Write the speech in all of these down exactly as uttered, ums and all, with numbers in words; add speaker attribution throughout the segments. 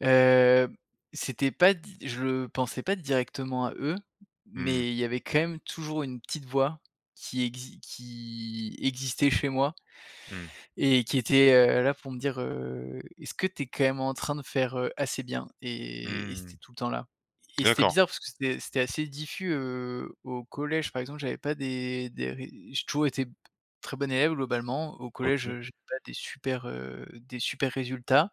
Speaker 1: Heu, c'était pas di je le pensais pas directement à eux,
Speaker 2: Mmh mh.
Speaker 1: mais il y avait, quand même, toujours, une petite voix qui exi qui existait chez moi
Speaker 2: Mmh.
Speaker 1: et qui était, heu, là pour me dire, heu: «Est-ce que tu es, quand même, en train de faire, heu, assez bien?»
Speaker 2: Mmh
Speaker 1: et et
Speaker 2: mh,
Speaker 1: c'était
Speaker 2: mmh.
Speaker 1: tout le temps là et c'était
Speaker 2: D'accord.
Speaker 1: bizarre parce que c'était c'était assez diffus, heu. Au collège, par exemple, j'avais pas des des ré j'ai toujours été b très bon élève, globalement. Au collège,
Speaker 2: OK.
Speaker 1: j'avais pas des super, heu, des super résultats.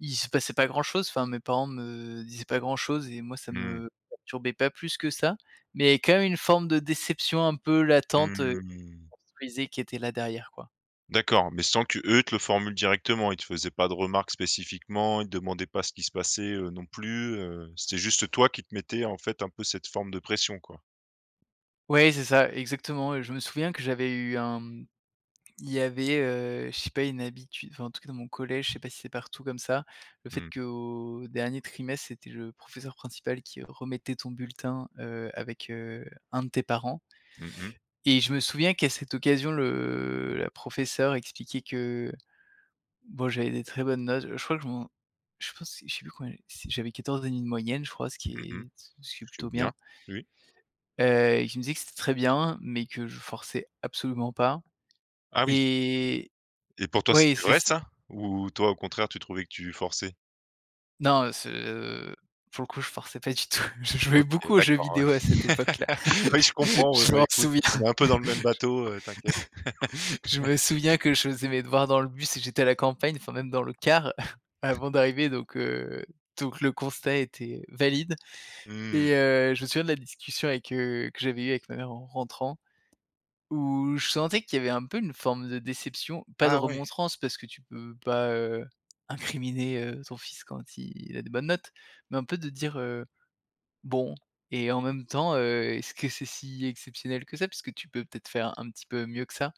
Speaker 1: Il se passait pas grand chose. Enfin mes parents me disaient pas grand chose et moi, ça
Speaker 2: Mmh.
Speaker 1: me perturbait pas plus que ça, mais quand même une forme de déception un peu
Speaker 2: Mmh,
Speaker 1: latente, heu,
Speaker 2: mmh mh.
Speaker 1: [unintelligible] qui était là, derrière, quoi.
Speaker 2: D'accord, mais sans qu'eux te le formule directement. Ils te faisaient pas de remarques spécifiquement. Ils te demandaient pas ce qui se passait, heu, non plus, heu, c'était juste toi qui te mettais, en fait, un peu, cette forme de pression, quoi?
Speaker 1: Ouais, c'est ça, exactement. Heu, je me souviens que j'avais eu un, mmh, il y avait, heu, je sais pas, une habitude enfin, en tout cas, dans mon collège, je sais pas si c'est partout comme ça, le fait
Speaker 2: Mmh.
Speaker 1: qu'au dernier trimestre, c'était le professeur principal qui remettait ton bulletin, heu, avec, heu, un de tes parents.
Speaker 2: Mmh mh.
Speaker 1: Et je me souviens qu'à cette occasion, le la professeure expliquait que, bon, j'avais des très bonnes notes. Heu, je crois que je m'en je pense que je sais plus combien, si j'avais quatorze et demi de moyenne, je crois, ce qui
Speaker 2: Mmh mh,
Speaker 1: est ce qui ce qui est plutôt
Speaker 2: c'est bien.
Speaker 1: bien.
Speaker 2: Oui.
Speaker 1: Heu, et qui me disait que c'était très bien, mais que je forçais absolument pas
Speaker 2: Ah, oui!
Speaker 1: et
Speaker 2: Et pour toi,
Speaker 1: oui,
Speaker 2: c'était
Speaker 1: c'est
Speaker 2: vrai,
Speaker 1: c
Speaker 2: ça ou toi, au contraire, tu trouvais que tu forçais?
Speaker 1: Non, heu, ce pour le coup, je forçais pas du tout. Je jouais
Speaker 2: OK.
Speaker 1: beaucoup aux jeux
Speaker 2: D'accord,
Speaker 1: vidéos à
Speaker 2: ouais.
Speaker 1: cette époque-là.
Speaker 2: Oui, je comprends, ouais,
Speaker 1: Je
Speaker 2: bah,
Speaker 1: m'en
Speaker 2: écoute,
Speaker 1: souviens.
Speaker 2: on est un peu dans le même bateau, heu, t'inquiète.
Speaker 1: J Je me souviens que je faisais mes devoirs dans le bus et j'étais à la campagne, enfin même dans le car avant d'arriver donc heu, donc le constat était valide
Speaker 2: Mmh.
Speaker 1: et heu, je me souviens de la discussion avec, heu, que j'avais eue avec ma mère en rentrant où je sentais qu'il y avait un peu une forme de déception, pas de
Speaker 2: Ah, ouais.
Speaker 1: remontrances parce que tu peux pas, heu, incriminer, heu, ton fils quand il a des bonnes notes, mais un peu de dire: «Heu, bon et en même temps, heu, est ce que c'est si exceptionnel que ça puisque tu peux, peut être, faire un petit peu mieux que ça?»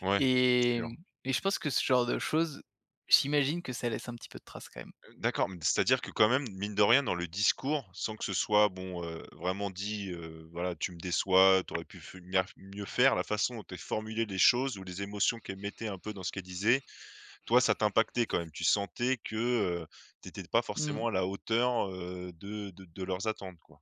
Speaker 2: Ouais, c'est
Speaker 1: et
Speaker 2: sûr.
Speaker 1: mmh et je pense que ce genre de choses, j'imagine que ça laisse un petit peu de traces quand même.
Speaker 2: Heu, d'accord, mais c'est à dire que, quand même, mine de rien, dans le discours, sans que ce soit bon, heu, vraiment dit, heu: «Voilà, tu me déçois, tu aurais pu mieux feumiaire mieux faire», la façon dont elle formulait les choses ou les émotions qu'elle mettait, un peu, dans ce qu'elle disait, toi, ça t'impactait quand même. Tu sentais que, heu, tu étais pas
Speaker 1: Mmh.
Speaker 2: forcément à la hauteur, heu, de de de leurs attentes, quoi?